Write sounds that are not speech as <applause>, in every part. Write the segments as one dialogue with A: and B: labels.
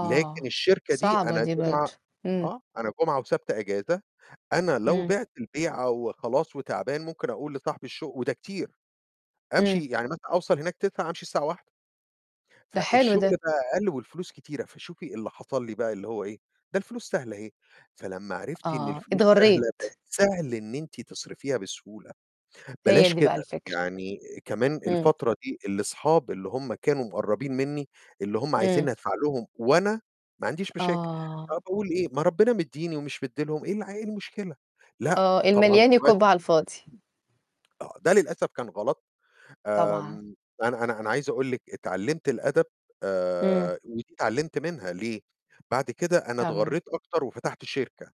A: لكن الشركة دي
B: صعبة
A: أنا
B: دي
A: جمعة
B: برضه، امم.
A: آه، أنا جمعة وسبت أجازة، أنا لو
B: امم.
A: بعت البيعة وخلاص وتعبان ممكن أقول لصاحب الشُغ وده كتير، أمشي
B: امم.
A: يعني مثلًا أوصل هناك 09:00 أمشي الساعة 13:00.
B: ده حلو ده.
A: فالشُّغل بقى أقل والفلوس كتيرة، فشوفي اللي حصل لي بقى اللي هو إيه؟ ده الفلوس سهلة أهي، فلما عرفت إن
B: آه،
A: الفلوس سهلة، بقى
B: اتغرّيت.
A: سهل إن إنتي تصرفيها بسهولة،
B: هي
A: بلاش
B: دي بقى
A: كده،
B: الفكرة.
A: يعني كمان
B: امم.
A: الفترة دي الأصحاب اللي هُم كانوا مقربين مني، اللي هُم
B: امم.
A: عايزينني أدفع لهم وأنا ما عنديش مشاكل، آه،
B: آه.
A: أقول إيه؟ ما ربنا مديني ومش مدي لهم، إيه الع إيه المشكلة؟ لأ،
B: آه،
A: طبعًا
B: المليان
A: دلوقتي
B: يكُب على الفاضي.
A: امم، آه، ده للأسف كان غلط،
B: طبعًا.
A: آمم، أنا أنا أنا عايز أقول لِك اتعلمت الأدب،
B: امم.
A: آآ، ودي اتعلمت منها، ليه؟ بعد كده أنا
B: تمام.
A: اتغرّيت أكتر وفتحت شركة.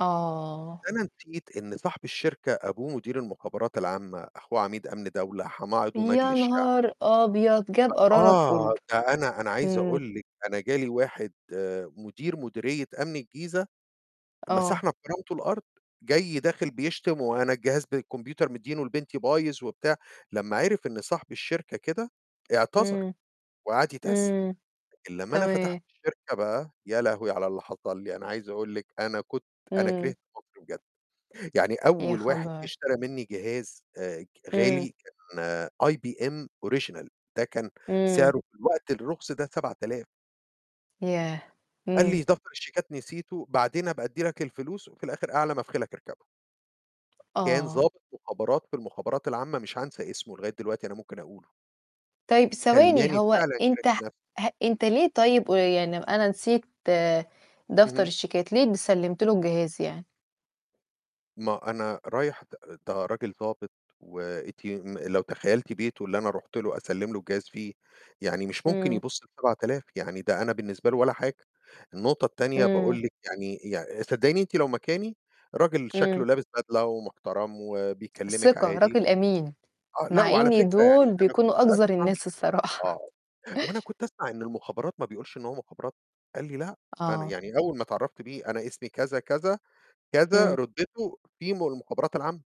B: آه.
A: بس أنا نسيت إن صاحب الشركة أبوه مدير المُخابرات العامة، أخوه عميد أمن دولة، حماه عضو مجلس
B: يا
A: شعب.
B: نهار أبيض! جاب
A: <unintelligible>
B: قرارك
A: آه،
B: كُلّه،
A: ده أنا أنا عايز
B: امم.
A: أقول لِك، أنا جالي واحد مدير مديرية أمن الجيزة،
B: آه.
A: مسحنا بكرامتُه الأرض، جاي داخل بيشتم، وأنا الجهاز بالكمبيوتر مديينُه لبنتي بايظ وبتاع، لمّا عِرف إن صاحب الشركة كده اعتذر
B: امم،
A: وقعد يتأسف،
B: امم،
A: لكن لمّا أنا فتحت
B: تمام.
A: الشركة بقى، يا لهوي على اللي حصل لي! أنا عايز أقول لِك أنا كنت أنا
B: امم.
A: كرهت مصر بجد، يعني
B: يا
A: أول واحد جه
B: خبر!
A: اشترى مني جهاز آآ،
B: امم.
A: غالي كان IBM Original ده كان
B: امم.
A: سعره في الوقت الرخص ده 7000.
B: ياه!
A: قال لي:
B: امم.
A: "دفتر الشيكات نسيتُه، بعدين أبقى أدّي لك الفلوس." وفي الآخر أعلى ما في خيلك أركبُه. كان
B: آه.
A: ضابط مُخابرات في المُخابرات العامة، مش هانسى اسمه، لغاية دلوقتي أنا ممكن أقوله.
B: طيب ثواني،
A: خلّاني
B: هو
A: فعلًا كرهت
B: أنت ه
A: نفسي.
B: ح أنت ليه طيب آآ، يعني أنا نسيت دفتر
A: اهم.
B: الشيكات، ليه سلّمت لُه الجهاز يعني؟
A: ما أنا رايح ت ده راجل ضابط، وأنتِ م لو تخيلتِ بيتُه اللي أنا رُحت لُه أسلِّم لُه الجهاز فيه، يعني مش ممكن
B: امم.
A: يبص ل7000 يعني ده أنا بالنسبة لُه ولا حاجة، النقطة التانية
B: امم.
A: باقول لِك يعني يعني صدقيني أنتِ لو مكاني، راجل
B: امم.
A: شَكلّه لابس بدلة ومحترم وبيكلمك
B: الثقة،
A: عادي،
B: راجل أمين.
A: آه، لأ،
B: مع
A: وعلى
B: إن
A: فكرة يعني
B: دول
A: أنا
B: بيكونوا
A: كنت
B: أقذر
A: أسمع
B: الناس الصراحة. <laughs>
A: آه، وأنا كنت أسمع إن المُخابرات ما بيقولش إن هو مُخابرات، قال لي: "لأ." أنا
B: آه.
A: يعني أول ما تعرفت بيه، "أنا اسمي كذا، كذا، كذا."
B: امم.
A: رُتبتُه في من المُخابرات العامة.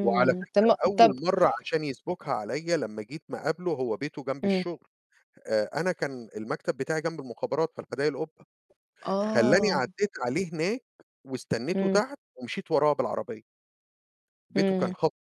A: وعلى
B: طب
A: فكرة
B: ما
A: أول
B: طب
A: مَرّة عشان يسبُكها عليّا لما جيت ما اقابلُه، هو بيته جمب
B: امم.
A: الشُغل، آآ، أنا كان المكتب بتاعي جمب المخابرات في حدايق القُبة، خلّاني
B: آه.
A: عديت عليه هناك واستنيتُه
B: امم.
A: تحت ومشيت وراه بالعربية. بيته كان
B: امم.
A: خط